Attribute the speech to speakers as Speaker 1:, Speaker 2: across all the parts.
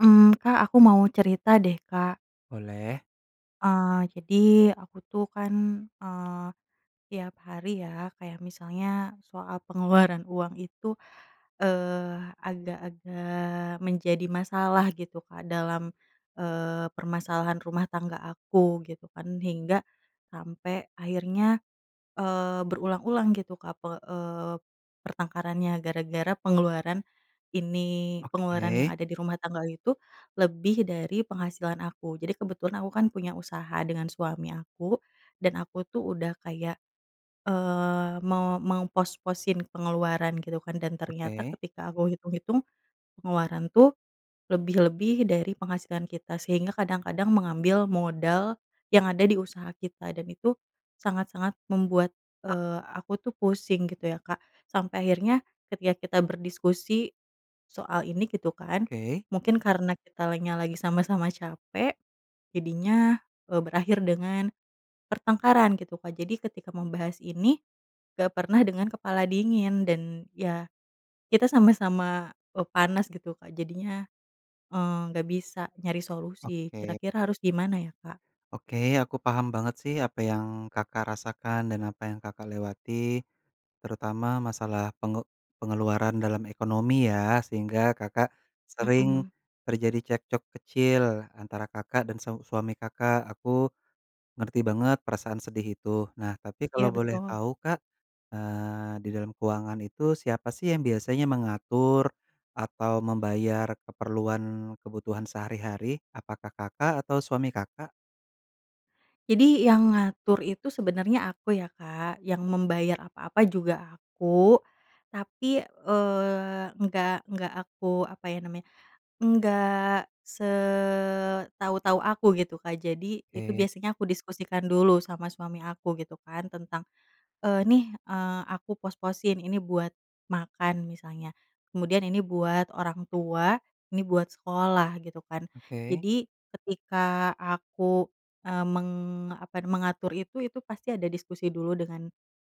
Speaker 1: Mmm, Kak, aku mau cerita deh, Kak.
Speaker 2: Boleh.
Speaker 1: Eee, jadi aku tuh kan, eee, tiap hari ya, kayak misalnya soal pengeluaran uang itu, eee, agak-agak menjadi masalah gitu, Kak, dalam, eee, permasalahan rumah tangga aku, gitu kan. Hingga sampai akhirnya, eee, berulang-ulang gitu, Kak, pe eee, pertengkarannya gara-gara pengeluaran ini. Pengeluaran yang
Speaker 2: Oke.
Speaker 1: ada di rumah tangga itu lebih dari penghasilan aku. Jadi kebetulan aku kan punya usaha dengan suami aku dan aku tuh udah kayak, eee, mau mengpos-posin pengeluaran gitu kan dan ternyata
Speaker 2: Oke.
Speaker 1: ketika aku hitung-hitung pengeluaran tuh lebih-lebih dari penghasilan kita. Sehingga kadang-kadang mengambil modal yang ada di usaha kita dan itu sangat-sangat membuat, eee, aku tuh pusing gitu ya, Kak. Sampai akhirnya ketika kita berdiskusi soal ini, gitu kan,
Speaker 2: Oke.
Speaker 1: mungkin karena kitanya lagi sama-sama capek, jadinya, eee, berakhir dengan pertengkaran gitu, Kak. Jadi ketika membahas ini nggak pernah dengan kepala dingin dan ya kita sama-sama, eee, panas gitu, Kak, jadinya, eee, nggak bisa nyari solusi.
Speaker 2: Oke.
Speaker 1: Kira-kira harus gimana ya, Kak?
Speaker 2: Oke, aku paham banget sih apa yang Kakak rasakan dan apa yang Kakak lewati, terutama masalah penge pengeluaran dalam ekonomi ya sehingga Kakak sering
Speaker 1: Mmm.
Speaker 2: terjadi cekcok kecil antara Kakak dan seu suami Kakak, aku ngerti banget perasaan sedih itu. Nah, tapi kalau
Speaker 1: Iya,
Speaker 2: boleh
Speaker 1: betul.
Speaker 2: tahu, Kak, eee, di dalam keuangan itu siapa sih yang biasanya mengatur atau membayar keperluan kebutuhan sehari-hari, apakah Kakak atau suami Kakak?
Speaker 1: Jadi yang ngatur itu sebenarnya aku ya, Kak, yang membayar apa-apa juga aku. Tapi, eee, nggak nggak aku, apa ya namanya, enggak setau-tau aku gitu, Kak. Jadi itu
Speaker 2: Oke.
Speaker 1: biasanya aku diskusikan dulu sama suami aku gitu kan tentang, eee, "Nih, eee, aku pos-posin ini buat makan," misalnya. Kemudian, "Ini buat orang tua, ini buat sekolah," gitu kan.
Speaker 2: Oke.
Speaker 1: Jadi ketika aku, eee, meng apa, mengatur itu, itu pasti ada diskusi dulu dengan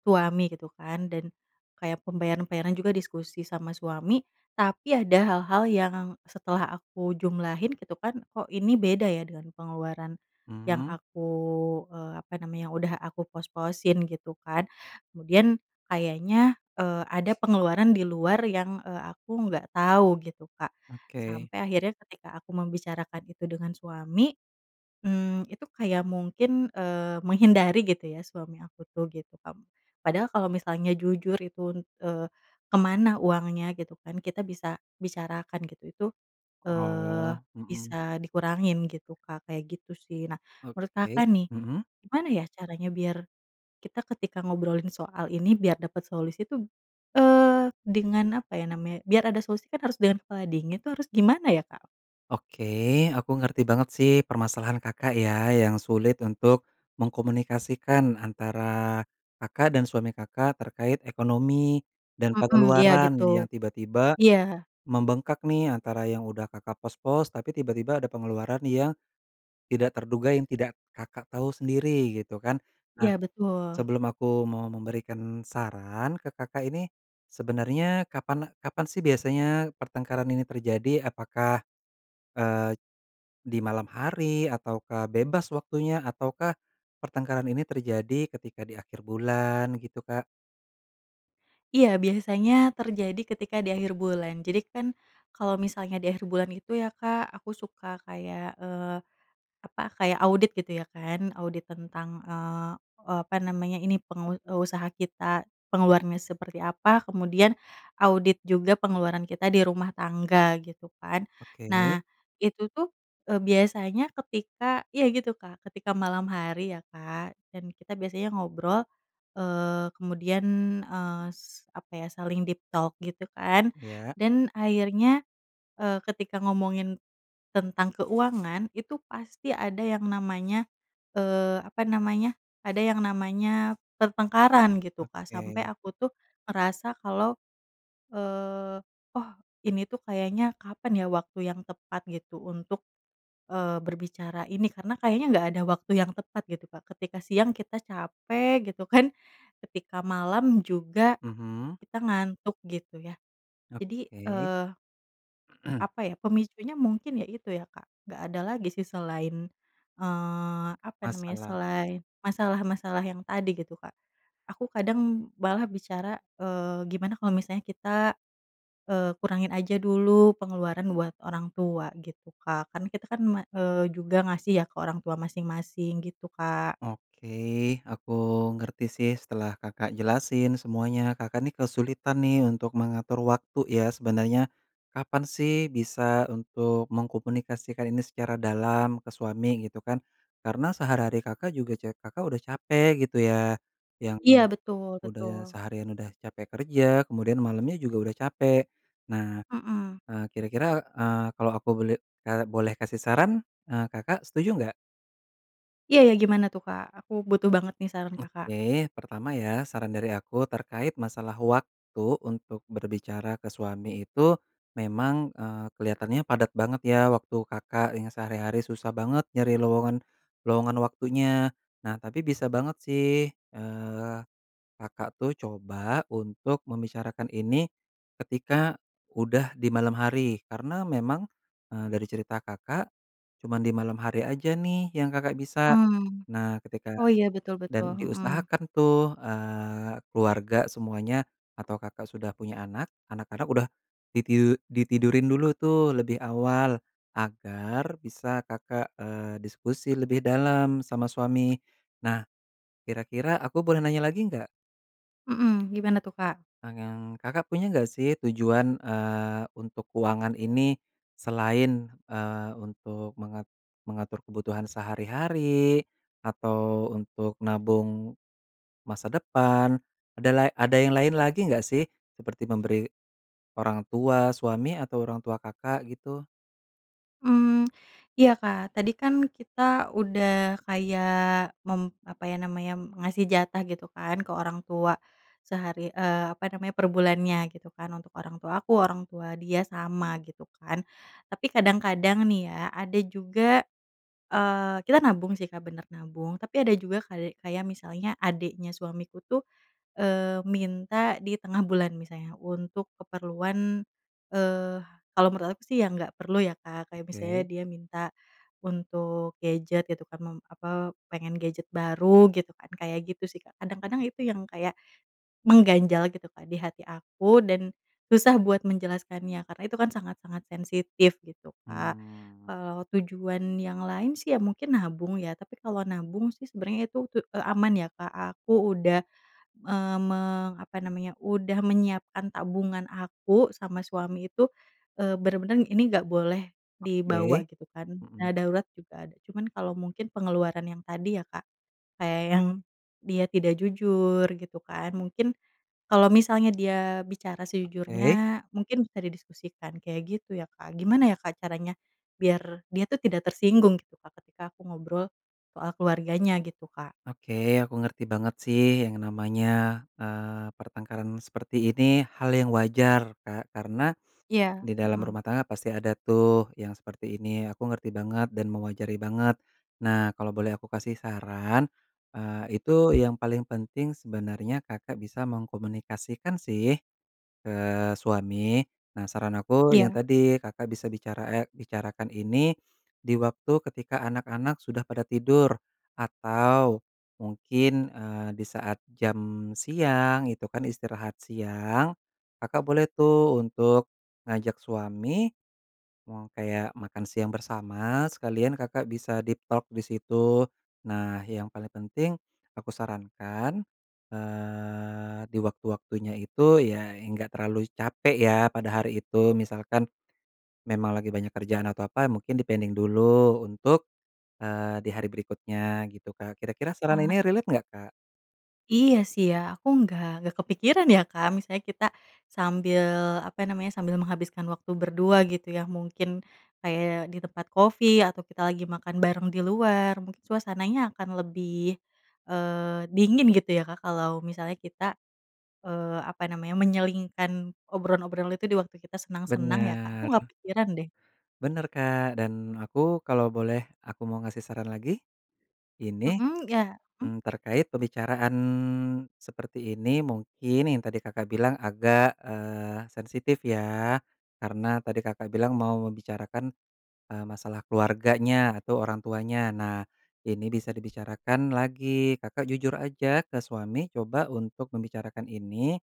Speaker 1: suami gitu kan. Dan kayak pembayaran-pembayaran juga diskusi sama suami, tapi ada hal-hal yang setelah aku jumlahin gitu kan, "Kok ini beda ya dengan pengeluaran yang
Speaker 2: Mmm.
Speaker 1: aku, eee, apa namanya yang udah aku pos-posin," gitu kan. Kemudian kayaknya, eee, ada pengeluaran di luar yang, eee, aku nggak tau gitu, Kak.
Speaker 2: Oke.
Speaker 1: Sampai akhirnya ketika aku membicarakan itu dengan suami, mmm, itu kayak mungkin, eee, menghindari gitu ya suami aku tuh gitu kam. Padahal kalau misalnya jujur itu un eee, ke mana uangnya gitu kan, kita bisa bicarakan gitu. Itu, eee,
Speaker 2: Oh, mmm.
Speaker 1: bisa dikurangin gitu, Kak, kayak gitu sih. Nah, menurut
Speaker 2: Oke,
Speaker 1: Kakak nih,
Speaker 2: mmm.
Speaker 1: gimana ya caranya biar kita ketika ngobrolin soal ini biar dapat solusi tuh, eee, dengan apa ya namanya biar ada solusi kan harus dengan kepala dingin itu harus gimana ya, Kak?
Speaker 2: Oke, aku ngerti banget sih permasalahan Kakak ya, yang sulit untuk mengkomunikasikan antara Kakak dan suami Kakak terkait ekonomi dan
Speaker 1: Mmm, iya gitu.
Speaker 2: pengeluaran yang tiba-tiba
Speaker 1: Iya.
Speaker 2: membengkak nih antara yang udah Kakak pos-pos, tapi tiba-tiba ada pengeluaran yang tidak terduga yang tidak Kakak tau sendiri gitu kan. Nah,
Speaker 1: Iya, betul.
Speaker 2: sebelum aku mau memberikan saran ke Kakak ini, sebenarnya kapan kapan sih biasanya pertengkaran ini terjadi? Apakah, eee, di malam hari ataukah bebas waktunya, ataukah pertengkaran ini terjadi ketika di akhir bulan gitu, Kak?
Speaker 1: Iya, biasanya terjadi ketika di akhir bulan. Jadi kan kalau misalnya di akhir bulan itu ya, Kak, aku suka kayak, eee, apa, kayak audit gitu ya kan. Audit tentang, eee, apa namanya, ini pengu eee, usaha kita pengeluarannya seperti apa, kemudian audit juga pengeluaran kita di rumah tangga, gitu kan.
Speaker 2: Oke.
Speaker 1: Nah, itu tuh, eee, biasanya ketika iya gitu, Kak, ketika malam hari ya, Kak, dan kita biasanya ngobrol, eee, kemudian, eee, s apa ya saling deep talk gitu kan,
Speaker 2: Ya.
Speaker 1: dan akhirnya, eee, ketika ngomongin tentang keuangan itu pasti ada yang namanya, eee, apa namanya, ada yang namanya pertengkaran gitu, Kak. Sampai
Speaker 2: Oke.
Speaker 1: aku tuh ngerasa kalau, eee, "Oh, ini tuh kayaknya kapan ya waktu yang tepat gitu untuk, eee, berbicara ini?" Karena kayaknya nggak ada waktu yang tepat gitu, Kak. Ketika siang kita capek gitu kan, ketika malam juga
Speaker 2: Mhm.
Speaker 1: kita ngantuk gitu ya. Jadi,
Speaker 2: Oke.
Speaker 1: eee apa ya, pemicunya mungkin ya itu ya, Kak, nggak ada lagi sih selain, eee, apa namanya,
Speaker 2: Masalah.
Speaker 1: selain masalah-masalah yang tadi gitu, Kak. Aku kadang malah bicara, "Eee, gimana kalo misalnya kita, eee, kurangin aja dulu pengeluaran buat orang tua," gitu Kak, kan kita kan ma eee, juga ngasih ya ke orang tua masing-masing gitu, Kak.
Speaker 2: Oke, aku ngerti sih setelah Kakak jelasin semuanya. Kakak nih kesulitan nih untuk mengatur waktu ya sebenarnya, kapan sih bisa untuk mengkomunikasikan ini secara dalam ke suami gitu kan. Karena sehari-hari Kakak juga ce Kakak udah capek gitu ya, yang
Speaker 1: Iya, betul
Speaker 2: udah
Speaker 1: betul.
Speaker 2: seharian udah capek kerja kemudian malamnya juga udah capek. Nah,
Speaker 1: Mmm.
Speaker 2: eee, kira-kira, eee, kalau aku boleh, eee, boleh kasih saran, eee, Kakak setuju nggak?
Speaker 1: Iya iya, gimana tuh, Kak? Aku butuh banget nih saran Kakak.
Speaker 2: Oke, pertama ya saran dari aku terkait masalah waktu untuk berbicara ke suami itu memang, eee, kelihatannya padat banget ya waktu Kakak yang sehari-hari susah banget nyari lowongan lowongan waktunya. Nah, tapi bisa banget sih, eee, Kakak tuh coba untuk membicarakan ini ketika udah di malam hari. Karena memang, eee, dari cerita Kakak cuman di malam hari aja nih yang Kakak bisa.
Speaker 1: Mmm.
Speaker 2: Nah, ketika
Speaker 1: Oh, ya betul betul.
Speaker 2: dan
Speaker 1: Hmm.
Speaker 2: diusahakan tuh, eee, keluarga semuanya atau Kakak sudah punya anak, anak Kakak udah ditiu ditidurin dulu tuh lebih awal agar bisa Kakak, eee, diskusi lebih dalam sama suami. Nah, kira-kira aku boleh nanya lagi nggak?
Speaker 1: Mmm, gimana tuh, Kak?
Speaker 2: [unintelligible] Kakak punya nggak sih tujuan, eee, untuk keuangan ini selain, eee, untuk mengat mengatur kebutuhan sehari-hari atau untuk nabung masa depan, ada lai ada yang lain lagi nggak sih seperti memberi orang tua suami atau orang tua Kakak gitu?
Speaker 1: Mmm, iya, Kak. Tadi kan kita udah kayak mem apa ya namanya, ngasih jatah gitu kan ke orang tua, sehari, eee, apa namanya, per bulannya, gitu kan, untuk orang tua aku, orang tua dia sama, gitu kan. Tapi kadang-kadang nih ya, ada juga, eee, kita nabung sih, Kak, bener, nabung, tapi ada juga kali kayak misalnya adiknya suamiku tuh, eee, minta di tengah bulan misalnya untuk keperluan, eee, kalau menurut aku sih yang nggak perlu ya, Kak, kayak misalnya
Speaker 2: Oke.
Speaker 1: dia minta untuk gadget, gitu kan, mem apa, pengen gadget baru, gitu kan, kayak gitu sih, Kak. Kadang-kadang itu yang kayak mengganjal, gitu, Kak, di hati aku dan susah buat menjelaskannya, karena itu kan sangat-sangat sensitif, gitu, Kak.
Speaker 2: Mmm.
Speaker 1: Kalau tujuan yang lain sih, ya mungkin nabung ya, tapi kalau nabung sih sebenarnya itu ke, eee, aman ya, Kak, aku udah, eee, me apa namanya, udah menyiapkan tabungan aku sama suami itu, eee, bener-bener ini nggak boleh dibawa,
Speaker 2: Oke.
Speaker 1: gitu kan.
Speaker 2: Mhm.
Speaker 1: Dana darurat juga ada, cuman kalau mungkin pengeluaran yang tadi, ya Kak, kayak yang dia tidak jujur, gitu kan, mungkin kalau misalnya dia bicara
Speaker 2: Oke.
Speaker 1: sejujurnya mungkin bisa didiskusikan, kayak gitu, ya, Kak. Gimana ya, Kak, caranya biar dia tuh tidak tersinggung, gitu, Kak, ketika aku ngobrol soal keluarganya, gitu, Kak?
Speaker 2: Oke, aku ngerti banget, sih, yang namanya, eee, pertengkaran seperti ini hal yang wajar, Kak. Karena
Speaker 1: Iya,
Speaker 2: di dalam
Speaker 1: mhm.
Speaker 2: rumah tangga, pasti ada tuh, yang seperti ini, aku ngerti banget dan mewajari banget. Nah, kalau boleh aku kasih saran, eee, itu yang paling penting sebenarnya Kakak bisa mengkomunikasikan sih ke suami. Nah, saran aku yang
Speaker 1: Iya.
Speaker 2: tadi, Kakak bisa bicara, eee, bicarakan ini di waktu ketika anak-anak sudah pada tidur atau mungkin, eee, di saat jam siang, itu kan istirahat siang, Kakak boleh tuh untuk ngajak suami, mau kayak makan siang bersama sekalian Kakak bisa deep talk di situ. Nah, yang paling penting aku sarankan, eee, di waktu-waktunya itu ya, enggak terlalu capek ya, pada hari itu, misalkan memang lagi banyak kerjaan atau apa, mungkin di-pending dulu untuk, eee, di hari berikutnya gitu, Kak. Kira-kira saran ini
Speaker 1: Eee.
Speaker 2: relate nggak, Kak?
Speaker 1: Iya, sih, ya, aku nggak nggak kepikiran ya, Kak, misalnya kita sambil, apa namanya, sambil menghabiskan waktu berdua, gitu ya. Mungkin kayak di tempat kopi atau kita lagi makan bareng di luar, mungkin suasananya akan lebih, eee, dingin, gitu ya, Kak, kalau misalnya kita, eee, apa namanya, menyelingkan obrolan-obrolan itu di waktu kita senang-senang ya, Kak. Aku
Speaker 2: Bener.
Speaker 1: nggak kepikiran, deh.
Speaker 2: Bener, Kak, dan aku kalau boleh aku mau ngasih saran lagi. Ini,
Speaker 1: Mhm, ya, mmm?
Speaker 2: mmm, terkait pembicaraan seperti ini, mungkin yang tadi Kakak bilang agak, eee, sensitif ya, karena tadi Kakak bilang mau membicarakan, eee, masalah keluarganya atau orang tuanya, nah, ini bisa dibicarakan lagi, Kakak jujur aja ke suami coba untuk membicarakan ini,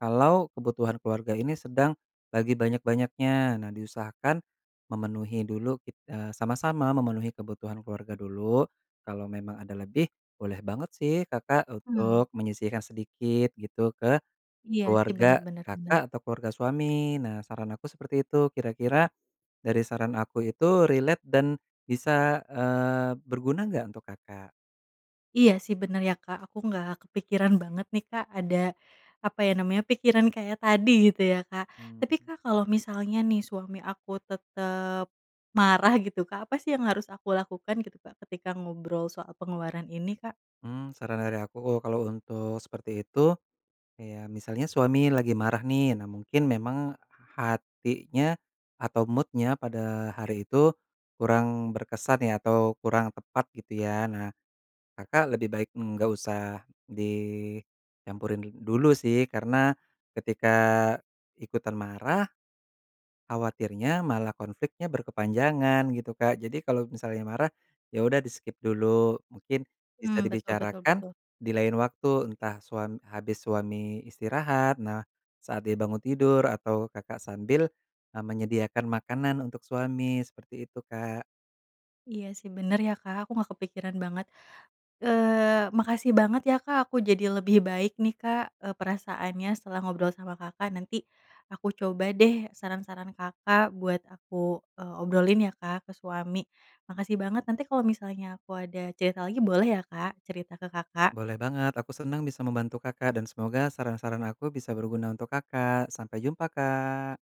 Speaker 2: kalau kebutuhan keluarga ini sedang lagi banyak-banyaknya. Nah, diusahakan memenuhi dulu, kit eee, sama-sama memenuhi kebutuhan keluarga dulu, kalau memang ada lebih boleh banget sih, Kakak
Speaker 1: Mmm.
Speaker 2: untuk menyisihkan sedikit gitu, ke
Speaker 1: Iya sih, bener
Speaker 2: keluarga
Speaker 1: bener bener.
Speaker 2: Kakak atau keluarga suami. Nah, saran aku seperti itu. Kira-kira dari saran aku itu relate dan bisa, eee, berguna nggak untuk Kakak?
Speaker 1: Iya, sih, bener ya, Kak, aku nggak kepikiran banget nih, Kak, ada, apa ya namanya, pikiran kayak tadi gitu ya, Kak. Tapi,
Speaker 2: Mmm.
Speaker 1: Kak, kalau misalnya nih, suami aku tetap marah, gitu, Kak, apa sih yang harus aku lakukan, gitu, Kak, ketika ngobrol soal pengeluaran ini, Kak?
Speaker 2: Mmm, saran dari aku, uh, kalau untuk seperti itu ya, misalnya suami lagi marah nih, nah, mungkin memang hatinya atau mood-nya pada hari itu kurang berkesan ya, atau kurang tepat, gitu ya. Nah, Kakak lebih baik nggak usah dicampurin dul dulu sih, karena ketika ikutan marah, khawatirnya malah konfliknya berkepanjangan, gitu, Kak. Jadi kalau misalnya marah, ya udah, di-skip dulu, mungkin bisa
Speaker 1: Mmm, betul betul
Speaker 2: dibicarakan
Speaker 1: betul.
Speaker 2: di lain waktu, entah suam habis suami istirahat. Nah, saat dia bangun tidur, atau Kakak sambil, eee, menyediakan makanan untuk suami. Seperti itu, Kak.
Speaker 1: Iya, sih, bener, ya, Kak. Aku nggak kepikiran banget. Eee, makasih banget ya, Kak, aku jadi lebih baik nih, Kak, eee, perasaannya setelah ngobrol sama Kakak. Nanti aku coba deh saran-saran Kakak buat aku, eee, obrolin ya, Kak, ke suami. Makasih banget, nanti kalau misalnya aku ada cerita lagi boleh ya, Kak, cerita ke Kakak.
Speaker 2: Boleh banget, aku senang bisa membantu Kakak dan semoga saran-saran aku bisa berguna untuk Kakak, sampai jumpa, Kak.